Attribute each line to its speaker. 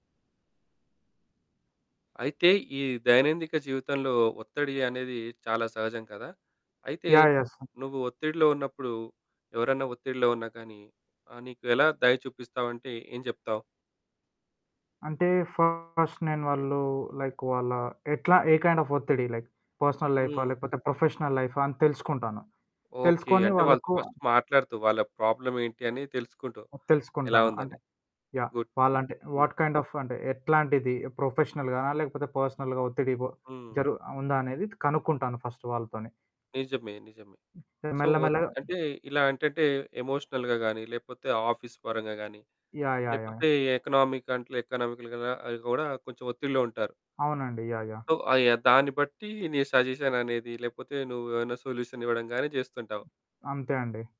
Speaker 1: అయితే, ఈ దైనందిక జీవితంలో ఒత్తిడి అనేది చాలా సహజం కదా! అయితే,
Speaker 2: యాహ్! యహ్! సో
Speaker 1: నువ్వు ఒత్తిడిలో ఉన్నప్పుడు, ఎవరన్నా ఒత్తిడిలో ఉన్నా కానీ, ఆహ్, నీకు ఎలా దయ చూపిస్తావంటే ఏం జెప్తావు?
Speaker 2: అంటే, ఫస్ట్ నేను వాళ్ళు లైక్ వాళ్ళా ఎట్లా? ఏ కైండ్ ఆఫ్ ఒత్తిడి? లైక్, పర్సనల్ లైఫా?
Speaker 1: హ్మ్.
Speaker 2: లేపోతే, ప్రొఫెషనల్ లైఫా? అని తెలుసుకుంటాను.
Speaker 1: ఓకే.
Speaker 2: తెలుసుకొని
Speaker 1: అంటే, వాళ్ళతో
Speaker 2: వాళ్ళకు
Speaker 1: ఫస్ట్ మాట్లాడుతావు వాళ్ళ ప్రాబ్లమ్ ఏంటి అని తెలుసుకుంటావు,
Speaker 2: హ్మ్.
Speaker 1: ఎలా
Speaker 2: తెలుసుకుంటాను.
Speaker 1: ఉందని?
Speaker 2: అంటే, యాహ్!
Speaker 1: గుడ్.
Speaker 2: వాళ్ళంటే
Speaker 1: హ్మ్.
Speaker 2: వాట్ కైండ్ ఆఫ్ అంటే ఎట్లాంటిది? ప్రొఫెషనల్‌గానా? లేపోతే పర్సనల్‌గా ఒత్తిడిబో?
Speaker 1: హ్మ్.
Speaker 2: జరు ఆహ్, ఉందా అనేది కనుక్కుంటాను ఫస్ట్ వాళ్ళతోని.
Speaker 1: నిజమే, నిజమే. సో,
Speaker 2: మెల్ల
Speaker 1: ఓత్
Speaker 2: మెల్లగా
Speaker 1: అంటే, ఇలా ఎంటంటే ఎమోషనల్‌గా గాని, లేపోతే ఆఫీస్ పరంగా గాని,
Speaker 2: యాహ్! యాహ్! యాహ్!
Speaker 1: లేపోతే ఎకనామిక్ కంట్లే ఎకనామిక‌ల్‌గా అయి గూడా కొంచెం ఒత్తిడిలో ఉంటారు.
Speaker 2: అవునండి. యాహ్! యాహ్!
Speaker 1: సో, ఆయా దాన్ని బట్టి నీ సజేషన్ అనేది, లేపోతే నువ్వేవన్నా సొల్యూషన్ ఇవ్వడంగాని జేస్తుంటావు.
Speaker 2: అంతే అండి.